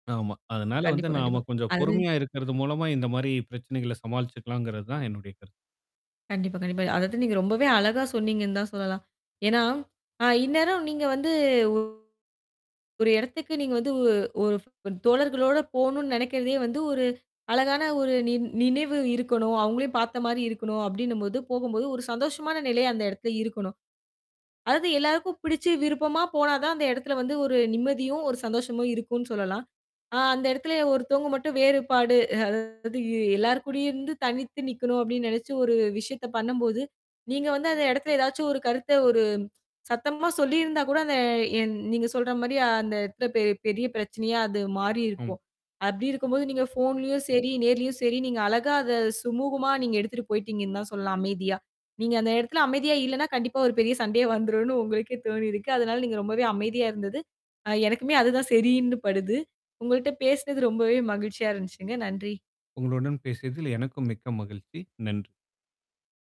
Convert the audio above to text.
ஆமா. அதனால வந்து கண்டிப்பா, நாம கண்டிப்பா. கொஞ்சம் அது பொறுமையா இருக்கிறது மூலமா இந்த மாதிரி பிரச்சனைகள சமாளிச்சுக்கலாம்ங்கிறதுதான் என்னுடைய கருத்து. கண்டிப்பா, கண்டிப்பா. அதாவது, நீங்க ரொம்பவே அழகா சொன்னீங்கன்னு தான் சொல்லலாம். ஏன்னா அ இந்நேரம் நீங்க வந்து ஒரு இடத்துக்கு நீங்க வந்து ஒ ஒரு தோழர்களோட போணுன்னு நினைக்கிறதே வந்து ஒரு அழகான ஒரு நி நினைவு இருக்கணும். அவுங்களையும் பார்த்த மாதிரி இருக்கணும் அப்பிடின்னம்போது, போகும்போது ஒரு சந்தோஷமான நிலை அந்த இடத்துல இருக்கணும். அதாவது எல்லாருக்கும் பிடிச்சு விருப்பமா போனாதான் அந்த இடத்துல வந்து ஒரு நிம்மதியும், ஒரு சந்தோஷமும் இருக்குன்னு சொல்லலாம். ஆ அந்த இடத்துலே ஒருத்தவுங்க மட்டும் வேறுபாடு அதாவது எல்லாருக்கூடயே இருந்து தனித்து நிக்கணும் அப்பிடின்னு நினைச்சு ஒரு விஷயத்தப் பண்ணும்போது, நீங்க வந்து அந்த இடத்துல எதாச்சும் ஒரு கருத்த ஒரு சத்தமா சொல்லியிருந்தாகூட அத என் நீங்கச் சொல்றமாரி அந்த இடத்துல பெ- பெரிய பிரச்சனையா அது மாறி ம். இருக்கும். அப்பிடி இருக்கும்போது நீங்கப் ஃபோன்லயும் சரி, நேர்லயும் சரி நீங்க அழகா அத சுமூகமா நீங்க எடுத்திட்டு போயிட்டீங்கன்னுதான் சொல்லலாம் அமைதியா. நீங்க அந்த இடத்துல அமைதியா இல்லன்னா, கண்டிப்பா ஒரு பெரிய சண்டையா வந்துரும்னு உங்களுக்கே தோணி இருக்கு. அதனால நீங்க ரொம்பவே அமைதியா இருந்தது. ஆ எனக்குமே அதுதான் சரின்னு படுது. உங்கள்ட்ட பேசுனது ரொம்பவே மகிழ்ச்சியா இருந்துச்சுங்க. நன்றி! உங்களுடன் பேசியதில் எனக்கும் மிக்க மகிழ்ச்சி. நன்றி!